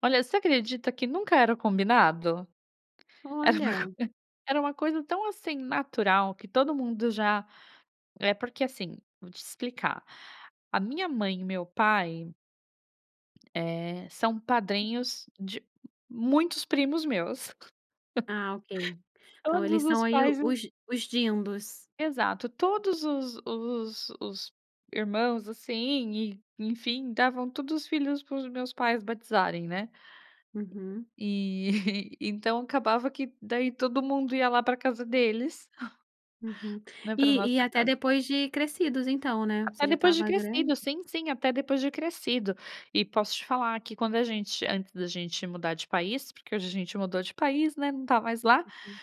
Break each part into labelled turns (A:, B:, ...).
A: Olha, você acredita que nunca era combinado? Era uma
B: Olha.
A: era uma coisa tão assim natural que todo mundo já é porque, assim, vou te explicar. A minha mãe e meu pai eh, são padrinhos de muitos primos meus.
B: Ah, ok. Então
A: Todos
B: eles são
A: os
B: aí
A: pais e os
B: os os dindos.
A: Exato, todos os os os irmãos assim e, enfim, davam todos os filhos para os meus pais batizarem, né.
B: Uhum.
A: E, então, acabava que daí todo mundo ia lá para casa deles,
B: Uhum.
A: né, para
B: E
A: nossa
B: e até
A: casa.
B: depois de crescidos, então, né. Você
A: Até
B: já
A: depois de
B: estava grande.
A: crescido. Sim, sim, até depois de crescido. E posso te falar que, quando a gente antes da gente mudar de país, porque hoje a gente mudou de país, né, não está mais lá—
B: Uhum.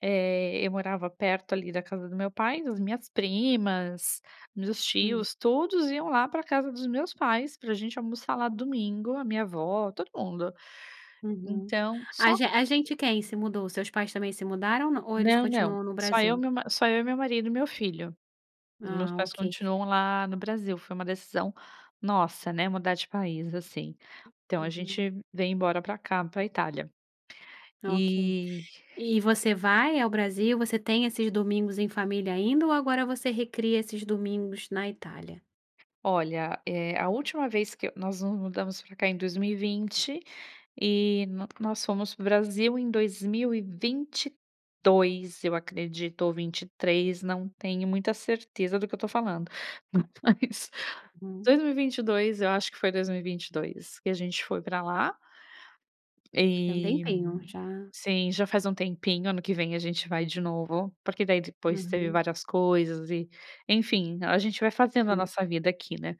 A: eh, eu morava perto ali da casa do meu pai, das minhas primas, dos
B: Uhum.
A: tios. Todos iam lá pra casa dos meus pais pra gente almoçar lá domingo. A minha avó, todo mundo.
B: Uhum.
A: Então
B: A
A: só
B: gen a gente quem se mudou? Seus pais também se mudaram não. Ou eles
A: Não, não.
B: continuam no
A: Só eu,
B: Brasil?
A: meu ma só eu e meu marido e meu filho. Os meus
B: Ah,
A: pais
B: ok.
A: continuam lá no Brasil. Foi uma decisão nossa, né, mudar de país, assim. Então a
B: Uhum.
A: gente veio embora para cá, para Itália.
B: Ok.
A: E
B: E você vai ao Brasil, você tem esses domingos em família ainda ou agora você recria esses domingos na Itália?
A: Olha, eh, a última vez que nós nos mudamos pra cá em 2020 e no nós fomos pro Brasil em 2022, eu acredito, ou 23, não tenho muita certeza do que eu estou falando.
B: Hum,
A: Mas,
B: uhum.
A: 2022. Eu acho que foi 2022 que a gente foi pra lá.
B: Tem um
A: E,
B: tempinho, já.
A: sim, já faz um tempinho. Ano que vem a gente vai de novo, porque daí depois teve
B: Uhum.
A: várias coisas e, enfim, então a gente vai fazendo a
B: Entendo.
A: nossa vida aqui, né?